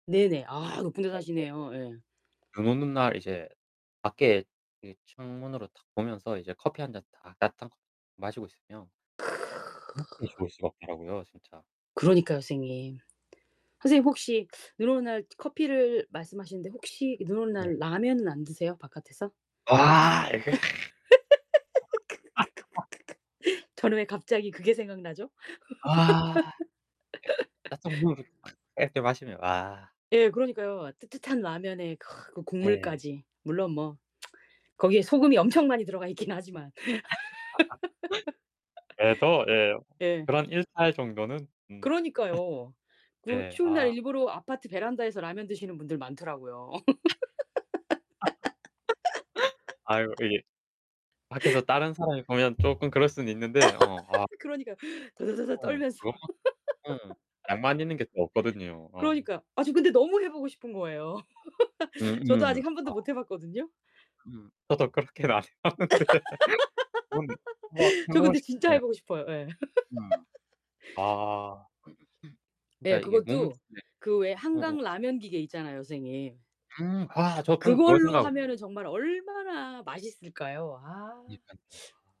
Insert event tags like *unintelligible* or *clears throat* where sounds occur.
네네. 아, 높은 데 *unintelligible* 사시네요. 예. 눈 오는 날 이제 밖에 이 창문으로 탁 보면서 이제 커피 1 잔 딱 따뜻한 거 마시고 있으면 그렇게 좋을 수가 없더라고요. 진짜. 그러니까요, 선생님. 선생님 혹시 눈 오는 날 커피를 말씀하시는데 혹시 눈 오는 네. 날 라면은 안 드세요? 바깥에서? 와 이거 *laughs* *laughs* 저는 왜 갑자기 그게 생각나죠? 아. 따뜻한 *laughs* *unintelligible* 이렇게 마시면. 와. 예, 그러니까요. 뜨뜻한 라면에 그 네. 국물까지. 물론 뭐 *tsk* 거기에 소금이 엄청 많이 들어가 있긴 하지만. *laughs* 예 또 예. *laughs* 예. 그런 일탈 정도는 음. 그러니까요. *laughs* 그 네. 추운 날 아. 일부러 아파트 베란다에서 라면 드시는 분들 많더라고요. *laughs* 아이고 *laughs* 이게 밖에서 다른 사람이 보면 쪼끔 그럴 수는 있는데. 어. 아 *laughs* 그러니까. 드드드드 어 떨면서. 그것만큼 음 *laughs* 낭만 있는 게 또 없거든요. 어. 그러니까. 아 저 근데 너무 해 보고 싶은 거예요. 음 *laughs* 저도 음 아직 아. 한번도 못 해 봤거든요. 음, 저도 그렇게 안 해 봤는데. 그건 *laughs* 저 근데 진짜 해 *unintelligible* 보고 싶어요. 예. 음 *laughs* 아. *clears throat* 진짜 예, 이게 몸은 그것도 *unintelligible* 그 왜 음음. 한강 라면 기계 있잖아요, 선생님. 음 아 아 저 방금 그거 그걸로 생각하고 하면은 정말 얼마나 맛있을까요? 아. *unintelligible*